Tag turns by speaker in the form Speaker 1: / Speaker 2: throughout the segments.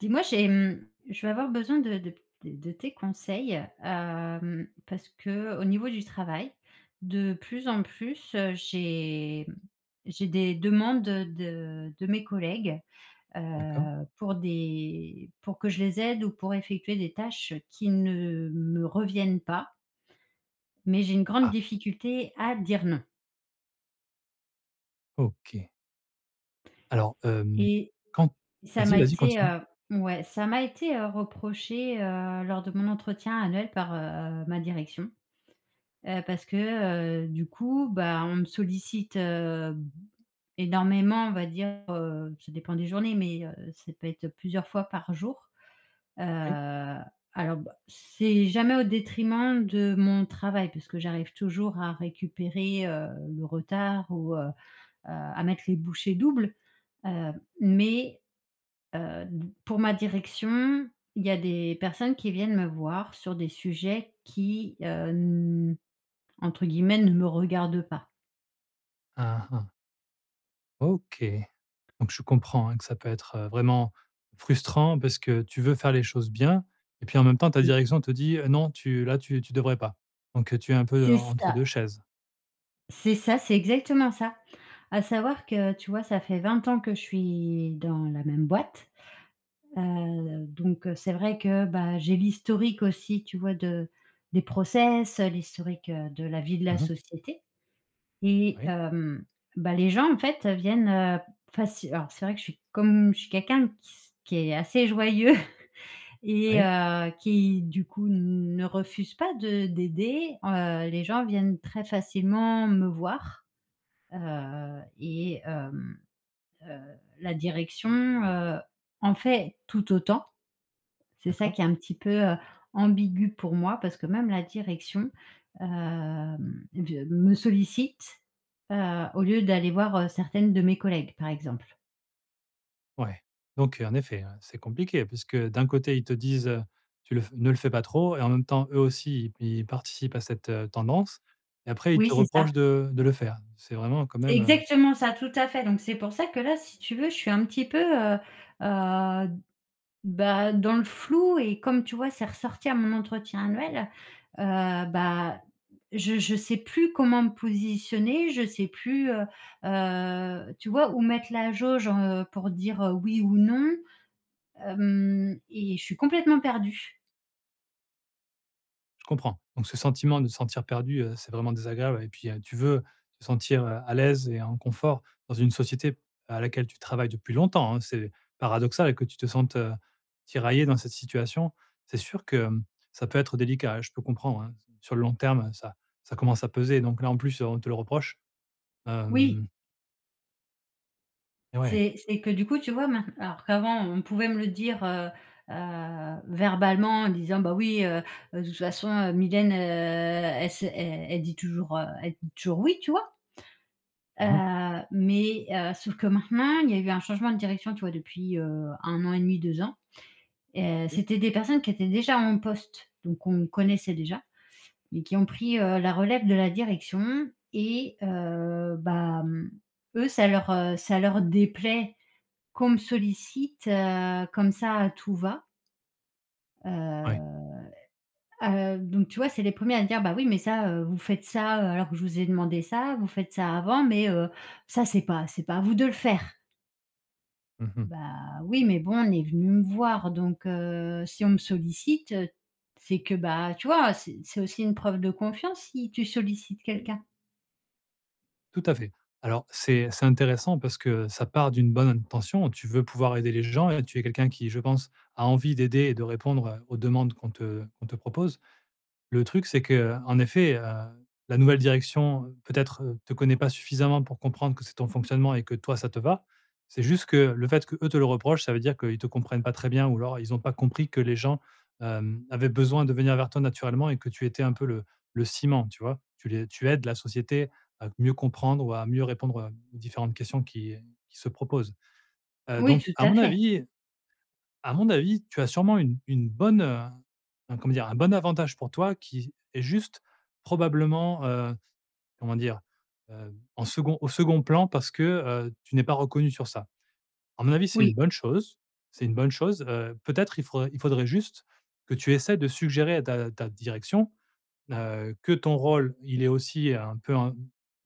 Speaker 1: Dis-moi j'ai, hem, je vais avoir besoin de de p de tes conseils, hem, parce qu'au niveau du travail, de plus en plus, heu, j'ai, hem, j'ai des demandes, heu, de de mes collègues,
Speaker 2: D'accord.
Speaker 1: heu, pour des pour que je les aide ou pour effectuer des tâches qui ne me reviennent pas mais j'ai une grande
Speaker 2: Ah.
Speaker 1: difficulté à dire «non».
Speaker 2: OK. Alors, hem,
Speaker 1: Et
Speaker 2: quand
Speaker 1: ça
Speaker 2: vas-y,
Speaker 1: m'a
Speaker 2: vas-y,
Speaker 1: été,
Speaker 2: continue.
Speaker 1: heu ouais, ça m'a été, heu, reproché, heu, lors de mon entretien annuel par, heu, ma direction. Heu, parce que, heu, du coup, bah, on me sollicite, hem, énormément, on va dire, heu ça dépend des journées mais, heu, ça peut être plusieurs fois par jour, heu,
Speaker 2: OK.
Speaker 1: alors, bah, c'est jamais au détriment de mon travail, parce que j'arrive toujours à récupérer, heu, le retard ou, heu, heu, à mettre les bouchées doubles, heu, mais, heu, d pour ma direction, il y a des personnes qui viennent me voir sur des sujets qui, heu, n entre guillemets «ne me regardent pas».
Speaker 2: Aha. OK. Donc je comprends, hein, que ça peut être, heu, vraiment frustrant, parce que tu veux faire les choses bien et puis, en même temps, ta
Speaker 1: Oui.
Speaker 2: direction te dit: «Heu, non tu là tu tu devrais pas», donc, heu, tu es un peu
Speaker 1: C'est
Speaker 2: en entre
Speaker 1: ça.
Speaker 2: 2 chaises.
Speaker 1: C'est ça, c'est exactement ça. À savoir que, tu vois, ça fait 20 ans que je suis dans la même boîte. Heu, donc, heu, c'est vrai que, bah, j'ai l'historique aussi, tu vois, de des process, heu, l'historique, heu, de la vie de la
Speaker 2: Mmh mh.
Speaker 1: société. Et
Speaker 2: Oui.
Speaker 1: hem, bah, les gens, en fait, viennent, heu, faci alors, c'est vrai, que je suis comme je suis quelqu'un qui s qui est assez joyeux et
Speaker 2: Oui.
Speaker 1: heu, qui, du coup, ne refuse pas de d'aider, heu, les gens viennent très facilement me voir. Heu et hem, heu, la direction, heu, en fait tout autant. C'est ça
Speaker 2: D'accord.
Speaker 1: qui est un petit peu, heu, ambigu pour moi parce que même la direction, hem, de me sollicite, heu, au lieu d'aller voir, heu, certaines de mes collègues, par exemple.
Speaker 2: Ouais, donc, heu, en effet, ouais, c'est compliqué, puisque d'un côté ils te disent: «Heu, tu le f ne le fais pas trop», et en même temps, eux aussi ils p ils participent à cette, heu, tendance. Et après, ils
Speaker 1: Oui
Speaker 2: te
Speaker 1: c'est
Speaker 2: reprochent
Speaker 1: ça.
Speaker 2: de de le faire. C'est vraiment quand
Speaker 1: C'est
Speaker 2: même, heu.
Speaker 1: exactement ça. Tout à fait. Donc c'est pour ça que, là, si tu veux, je suis un petit peu, heu, heu, bah, dans le flou et comme, tu vois, c'est ressorti à mon entretien annuel, heu, bah, je je sais plus comment me positionner, je sais plus, heu, heu, tu vois, où mettre la jauge, heu, pour dire, heu: «oui» ou «non». Hem et je suis complètement perdue.
Speaker 2: Je comprends. Donc ce sentiment de se sentir perdue, heu, c'est vraiment désagréable et puis, heu, tu veux te sentir, heu, à l'aise et en confort dans une société à laquelle tu travailles depuis longtemps, hein, c'est paradoxal que tu te sentes, heu, tiraillée dans cette situation, c'est sûr que, hem, ça peut être délicat, hein. Je peux comprendre, hein, s sur le long terme, heu, ça ça commence à peser donc, là, en plus, heu, on te le reproche,
Speaker 1: Oui.
Speaker 2: hem. Et ouais.
Speaker 1: C'est c'est que, du coup, tu vois, maint alors, qu'avant, on pouvait me le dire, heu, heu, verbalement, en disant: «Bah, oui, heu, heu, toute façon, heu, Mylène, heu, elle sait elle elle dit toujours, heu, elle dit toujours "oui"», tu vois. Heu,
Speaker 2: Mmh mh.
Speaker 1: mais, heu, sauf que, maintenant, il y a eu un changement de direction, tu vois, depuis, heu, 1 an et demi, 2 ans, heu,
Speaker 2: OK.
Speaker 1: c'était des personnes qui étaient déjà en poste. Donc qu'on connaissait déjà et qui ont pris, heu, la relève de la direction et heu, bah, hem, eux ça leur, heu, ça leur déplaît qu'on me sollicite, heu, comme ça, à tout-va.
Speaker 2: Ouais.
Speaker 1: Heu, heu, donc tu vois, c'est les 1ers à dire: «Bah oui, mais ça, heu, vous faites ça, heu, alors que je vous ai demandé ça, vous faites ça avant, mais, heu, ça, c'est pas c'est pas à vous de le faire».
Speaker 2: Mmh mh.
Speaker 1: Bah oui, mais bon on est venu me voir donc, heu, si on me sollicite, c'est que, bah, tu vois, c'est c'est aussi une preuve de confiance, si tu sollicites quelqu'un.
Speaker 2: Tout à fait. Alors c'est c'est intéressant parce que, heu, ça part d'une bonne intention. Tu veux pouvoir aider les gens et tu es quelqu'un qui, je pense, a envie d'aider et de répondre aux demandes qu'on te qu'on te propose. Le truc c'est que, heu, en effet, heu, la nouvelle direction, peut-être, te connaît pas suffisamment pour comprendre que c'est ton fonctionnement et que, toi, ça te va. C'est juste que le fait que, eux, te le reprochent, ça veut dire qu'ils te comprennent pas très bien, ou alors ils ont pas compris que les gens, hem, avaient besoin de venir vers toi, naturellement et que tu étais un peu le le ciment, tu vois? Tu les tu aides la société à mieux comprendre ou à mieux répondre, heu, aux différentes questions qui, heu, qui se proposent, heu,
Speaker 1: Oui
Speaker 2: donc
Speaker 1: tout
Speaker 2: à
Speaker 1: à
Speaker 2: mon
Speaker 1: fait.
Speaker 2: avis à mon avis, tu as sûrement une une bonne, heu, un comment dire? Un bon avantage pour toi qui est, juste, probablement, heu, comment dire? Heu, en second au second plan, parce que, heu, tu n'es pas reconnue sur ça. À mon avis c'est
Speaker 1: Oui.
Speaker 2: une bonne chose. C'est une bonne chose, heu, peut-être il faudrait il faudrait juste, que tu essaies de suggérer à ta à ta direction, heu, que ton rôle, il est aussi, heu, un peu un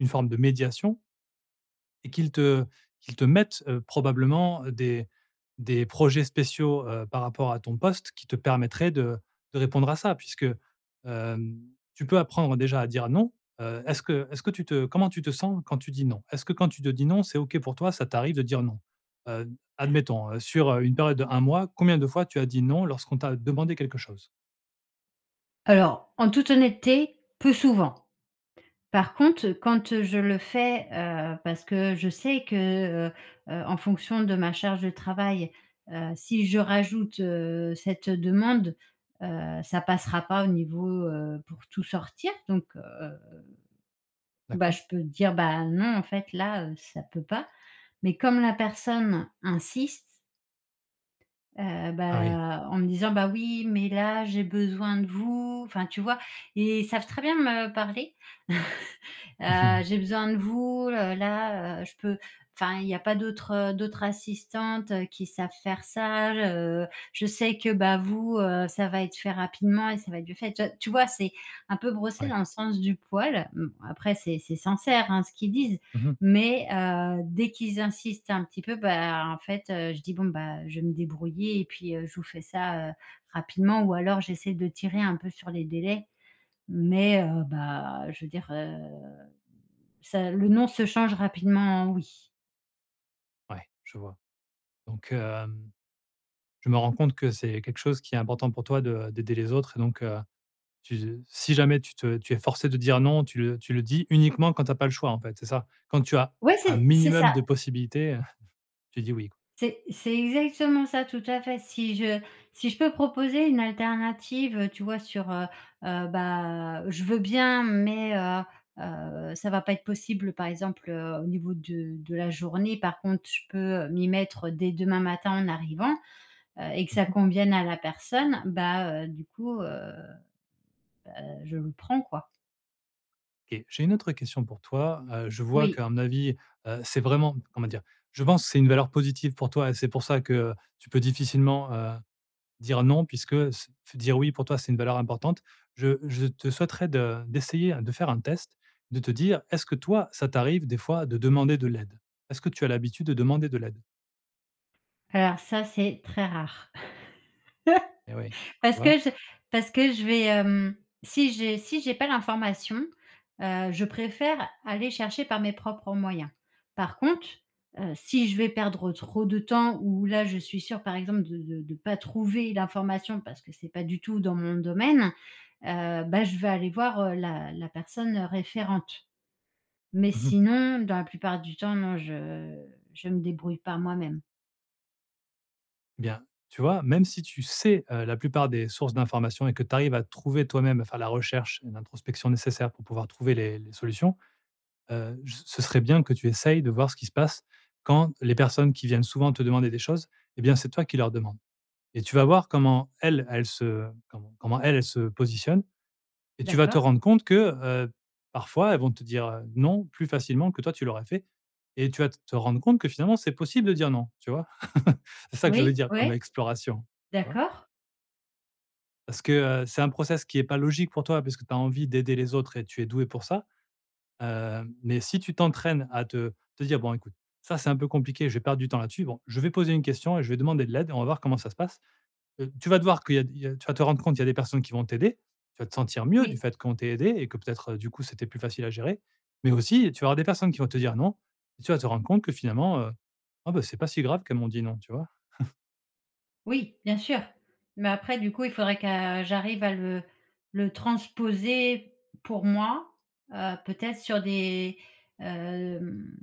Speaker 2: une forme de médiation et qu'ils te qu'ils te mettent, heu, probablement, heu, des des projets spéciaux, heu, par rapport à ton poste, qui te permettraient de de répondre à ça. Puisque, hem, tu peux apprendre déjà à dire «non», heu, est-ce que est-ce que tu te, heu, comment tu te sens quand tu dis «Non»? Est-ce que quand tu te dis: «non», c'est OK pour toi, ça t'arrive de dire «non»? Heu, admettons sur, heu, une période de 1 mois, combien de fois tu as dit «non» lorsqu'on t'a demandé quelque chose?
Speaker 1: Alors en toute honnêteté, plus souvent. Par contre quand je le fais, heu, parce que je sais que, heu, heu, en fonction de ma charge de travail. Heu, si je rajoute, heu, cette demande, heu, ça passera pas au niveau, heu, pour tout sortir donc, heu, bah,
Speaker 2: D'accord.
Speaker 1: je peux dire: «Bah, non en fait là, heu, ça peut pas» mais comme la personne insiste heu
Speaker 2: Ah oui.
Speaker 1: bah en me disant: «Bah, oui, mais là, j'ai besoin de vous» enfin, tu vois? Et, ils savent très bien me parler
Speaker 2: Mmh
Speaker 1: «Heu,
Speaker 2: mh.
Speaker 1: j'ai besoin de vous, heu, là, heu, je peux enfin il y a pas d'autres d'autres assistantes qui savent faire ça. Heu, je sais que, bah, vous, heu, ça va être fait rapidement et ça va être mieux fait». Tu vois tu vois? C'est un peu brosser
Speaker 2: Ouais.
Speaker 1: dans le sens du poil. Mmh, après c'est c'est sincère, hein, ce qu'ils disent.
Speaker 2: Mmh mh.
Speaker 1: Mais, heu, dès qu'ils insistent un petit peu, bah, en fait, heu, je dis: «Bon, bah, je vais me débrouiller et puis, heu, je vous fais ça, heu, rapidement» ou alors j'essaie de tirer un peu sur les délais mais, heu, bah je veux dire, heu, ça le non se change rapidement en oui.
Speaker 2: Ouais, je vois. Donc, hem, je me rends compte que c'est quelque chose qui est important pour toi de d'aider les autres et donc heu, tu z si jamais tu te tu es forcée de dire: «Non», tu le tu le dis uniquement quand tu as pas le choix en fait, c'est ça? Quand tu as
Speaker 1: Ouais,
Speaker 2: un
Speaker 1: c'est c'est
Speaker 2: minimum
Speaker 1: ça.
Speaker 2: de possibilités, heu, tu dis: «Oui» quoi.
Speaker 1: C'est c'est exactement ça, tout à fait si je si je peux proposer une alternative, heu, tu vois, sur heu, heu, bah, heu, je veux bien mais, heu, heu, ça va pas être possible, par exemple, heu, au niveau de de la journée, par contre, je peux m'y mettre dès demain matin en arrivant, heu et que
Speaker 2: Mmh
Speaker 1: ça
Speaker 2: mh.
Speaker 1: convienne à la personne, bah, heu, du coup, heu, heu, bah je le prends quoi.
Speaker 2: Et j'ai une autre question pour toi, heu, je vois
Speaker 1: Oui.
Speaker 2: qu'à mon avis, heu, c'est vraiment comment dire? Je pense c'est une valeur positive pour toi et c'est pour ça que, tu peux difficilement, heu, dire: «Non» puisque, se f dire: «Oui» pour toi, c'est une valeur importante. Je je te souhaiterais de d'essayer de faire un test, de te dire: «est-ce que, toi, ça t'arrive des fois de demander de l'aide?» est-ce que tu as l'habitude de demander de l'aide?
Speaker 1: Alors ça, c'est très rare.
Speaker 2: Et oui, tu
Speaker 1: Parce
Speaker 2: vois?
Speaker 1: que je parce que je vais, hem, si j'ai si j'ai pas l'information, heu, je préfère aller chercher par mes propres moyens. Par contre, heu, si je vais perdre trop de temps ou là je suis sûre, par exemple, de de de pas trouver l'information, parce que c'est pas du tout dans mon domaine, heu, bah, je vais aller voir, heu, la la personne référente. Mais
Speaker 2: Mmh mh.
Speaker 1: sinon, dans la plupart du temps, non, je je me débrouille par moi-même.
Speaker 2: Bien, tu vois, même si tu sais, heu, la plupart des sources d'information et que tu arrives à trouver toi-même, à faire la recherche et l'introspection nécessaire, pour pouvoir trouver les les solutions, heu, je ce ce serait bien que tu essayes de voir ce qui se passe, quand les personnes qui viennent souvent te demander des choses et bien, c'est toi qui leur demandes et tu vas voir comment elles, elles se comment comment elles, elles se positionnent et tu vas te
Speaker 1: D'accord.
Speaker 2: rendre compte que, heu, parfois, elles vont te dire, heu: «Non», plus facilement que toi tu l'aurais fait et tu vas te rendre compte que finalement c'est possible de dire: «Non», tu vois? C'est ça que je veux
Speaker 1: Oui.
Speaker 2: dire comme
Speaker 1: Ouais.
Speaker 2: exploration. Tu vois?
Speaker 1: D'accord.
Speaker 2: Parce que, heu, c'est un process qui est pas logique pour toi, parce que tu as envie d'aider les autres et tu es douée pour ça, hem, mais si tu t'entraînes à te te dire: «Bon écoute, ça c'est un peu compliqué, je vais perdre du temps là-dessus. Bon, je vais poser une question et je vais demander de l'aide et on va voir comment ça se passe» ,heu, tu vas devoir qu'il y a il y a tu vas te rendre compte il y a des personnes qui vont t'aider. Tu vas te sentir mieux, du
Speaker 1: Oui.
Speaker 2: fait qu'on t'ait aidée et que peut-être, du coup, c'était plus facile à gérer, mais aussi, tu auras des personnes qui vont te dire: «Non» et tu vas te rendre compte que finalement, heu, ah ben, c'est pas si grave qu'elles m'ont dit: «Non», tu vois?
Speaker 1: Oui! Bien sûr, mais après du coup il faudrait que, j'arrive à le le transposer pour moi, heu, peut-être sur des, hem,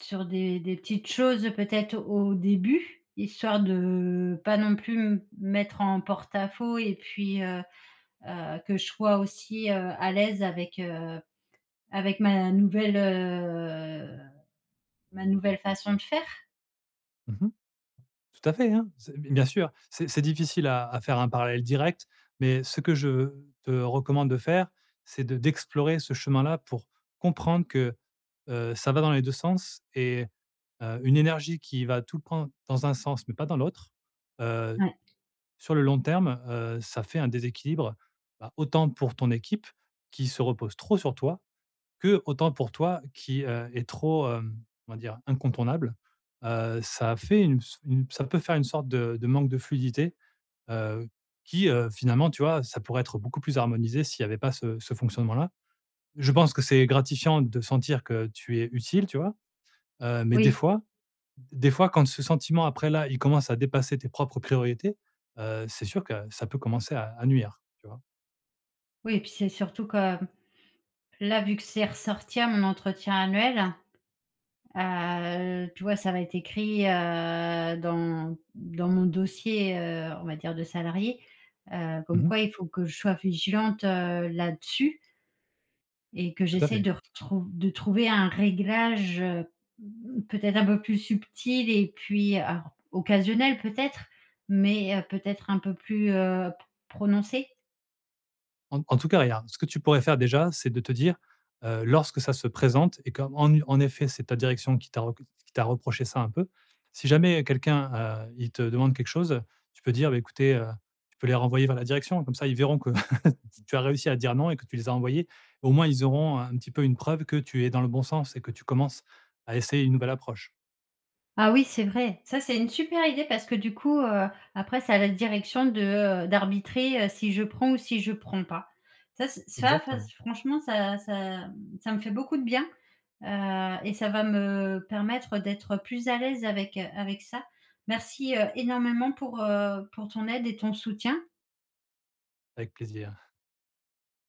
Speaker 1: sur des des petites choses peut-être au début, histoire de, pas non plus me mettre en porte-à-faux et puis, heu heu, que je sois aussi, heu, à l'aise avec, heu, avec ma nouvelle, heu, ma nouvelle façon de faire.
Speaker 2: Mmh mh, tout à fait, hein, c'est b bien sûr, c'est c'est difficile à à faire un parallèle direct, mais ce que je, heu te recommande de faire, c'est de d'explorer ce chemin-là, pour comprendre que, heu, ça va dans les 2 sens. Et heu, une énergie qui va tout prendre dans un sens, mais pas dans l'autre, heu,
Speaker 1: Ouais.
Speaker 2: sur le long terme, heu, ça fait un déséquilibre, bah, autant pour ton équipe qui se repose trop sur toi, que autant pour toi qui, heu, es trop, hem, on va dire incontournable. Heu, ça a fait une ps une ps ça peut faire une sorte de de manque de fluidité, heu, qui, heu, finalement, tu vois, ça pourrait être beaucoup plus harmonisé s'il y avait pas ce ce fonctionnement-là. Je pense que c'est gratifiant de sentir que tu es utile, tu vois? Heu, mais des
Speaker 1: Oui.
Speaker 2: fois des fois quand ce sentiment, après, là il commence à dépasser tes propres priorités, heu, c'est sûr que ça peut commencer à à nuire. Tu vois?
Speaker 1: Oui et puis c'est surtout que, là, vu que c'est ressorti à mon entretien annuel, heu, tu vois, ça va être écrit, heu, dans dans mon dossier, heu, on va dire de salariée, heu,
Speaker 2: Mmh
Speaker 1: comme
Speaker 2: mh.
Speaker 1: quoi il faut que je sois vigilante, heu, là-dessus et que
Speaker 2: Tout à
Speaker 1: j'essaie
Speaker 2: fait.
Speaker 1: de retrouv de trouver un réglage, heu, mmh, peut-être un peu plus subtil et puis, ar occasionnel peut-être? Mais, heu, peut-être un peu plus, heu, pr prononcé?
Speaker 2: En en tout cas regarde, ce que tu pourrais faire déjà, c'est de te dire, heu, lorsque ça se présente et qu'en, en en effet, c'est ta direction qui t'a re qui t'a reproché ça un peu. Si jamais quelqu'un, heu, il te demande quelque chose, tu peux dire: «Ben, écoutez, heu» tu peux les renvoyer vers la direction comme ça ils verront que, tu as réussi à dire non et que tu les as envoyés. Au moins, ils auront un petit peu une preuve que tu es dans le bon sens et que tu commences à essayer une nouvelle approche.
Speaker 1: Ah oui, c'est vrai! Ça, c'est une super idée parce que du coup, heu, après c'est à la direction de, heu, d'arbitrer, heu, si je prends ou si je prends pas. Ça c ça ça
Speaker 2: Exactement.
Speaker 1: franchement ça ça m ça me fait beaucoup de bien, heu, et ça va me permettre d'être plus à l'aise avec, heu, avec ça. Merci, heu, énormément pour, heu, pour ton aide et ton soutien.
Speaker 2: Avec plaisir.